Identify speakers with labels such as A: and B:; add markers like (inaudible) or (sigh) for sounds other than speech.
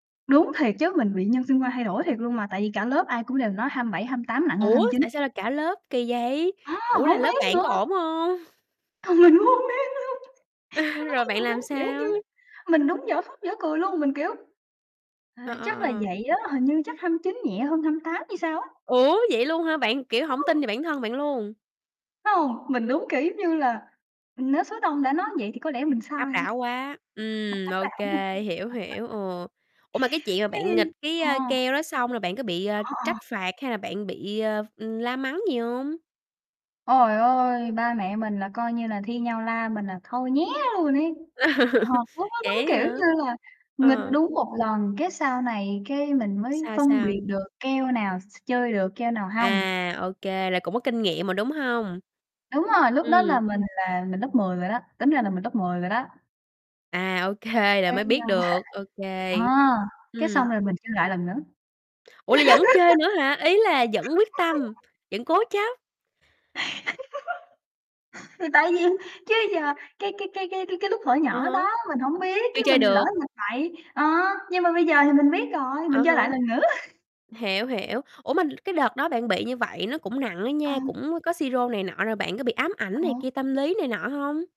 A: Đúng, thiệt chứ mình bị nhân sinh quan thay đổi thiệt luôn mà, tại vì cả lớp ai cũng đều nói 27, 28 nặng hơn
B: Ủa,
A: 29.
B: tại sao là cả lớp kì vậy?
A: A!
B: Ủa, là
A: Hổng
B: lớp
A: biết
B: bạn
A: nữa.
B: có ổn hông? (chuckles)
A: Mình cũng hông biết luôn! Nó
B: (chuckles)
A: nói
B: Rồi
A: với
B: bạn
A: mình,
B: làm
A: giống kiểu
B: sao?
A: như, mình đúng dở khóc dở cười luôn, mình kiểu "Ờ,
B: Ờ, ờ,
A: chắc là
B: ờ.
A: vậy đó, hình như chắc 29 nhẹ hơn 28 hay sao á!"
B: Ủa, vậy luôn hả? Bạn, kiểu, hổng tin
A: (unintelligible)
B: vào bản thân bạn luôn?
A: Phải hông, mình đúng kiểu giống như là, ừm, nếu số đông đã nói vậy thì có lẽ mình
B: Áp
A: sai.
B: đảo quá! Ừm, ô kê, hiểu, hiểu,
A: (unintelligible) (laughs)
B: ừ. Ủa, mà cái chuyện mà bạn
A: Ừm.
B: nghịch cái, a,
A: Ờ.
B: keo đó xong là bạn có bị, ờ,
A: Ờ, ờ.
B: trách phạt hay là bạn bị, ờ, ừm, la mắng gì hông?
A: Trời ơi! Ba mẹ mình là coi như là thi nhau la mình là thôi nhé luôn ấy! Thật,
B: (laughs)
A: lúc đó đúng
B: Vậy á
A: kiểu
B: hả?
A: như là nghịch
B: Ờ.
A: đúng một lần, cái, sau này, cái, mình mới
B: Sao
A: phân
B: sao?
A: biệt được keo nào s s chơi được, keo nào hông.
B: À, ô kê, là cũng có kinh nghiệm rồi, đúng hông?
A: Đúng rồi, lúc đó là
B: Ừm.
A: mình là mình lớp 10 rồi đó, tính ra là mình lớp 10 rồi đó.
B: À, ô kê, rồi
A: Cái,
B: mới biết
A: a,
B: được, ô kê.
A: à, cái
B: Ừm.
A: xong rồi mình chơi lại lần nữa.
B: Ủa, là vẫn chơi nữa hả? Ý là vẫn quyết tâm,
A: (laughs)
B: vẫn cố chấp?
A: (laughs) Thì tại vì chứ giờ cái cái cái cái cái lúc thuở
B: Ờ
A: nhỏ
B: há.
A: đó mình hổng biết,
B: Chưa
A: cái
B: chơi
A: mình lỡ
B: được.
A: mình bậy ờ, nhưng mà bây giờ thì mình biết rồi,
B: Ờ
A: mình chơi
B: há,
A: lại lần nữa.
B: hiểu, hiểu. Ủa mà cái đợt đó bạn bị như vậy nó cũng nặng á
A: Ờ.
B: nha, cũng có sirô này nọ rồi bạn có bị ám
A: Ờ
B: ảnh này
A: hở.
B: kia, tâm lý này nọ hông?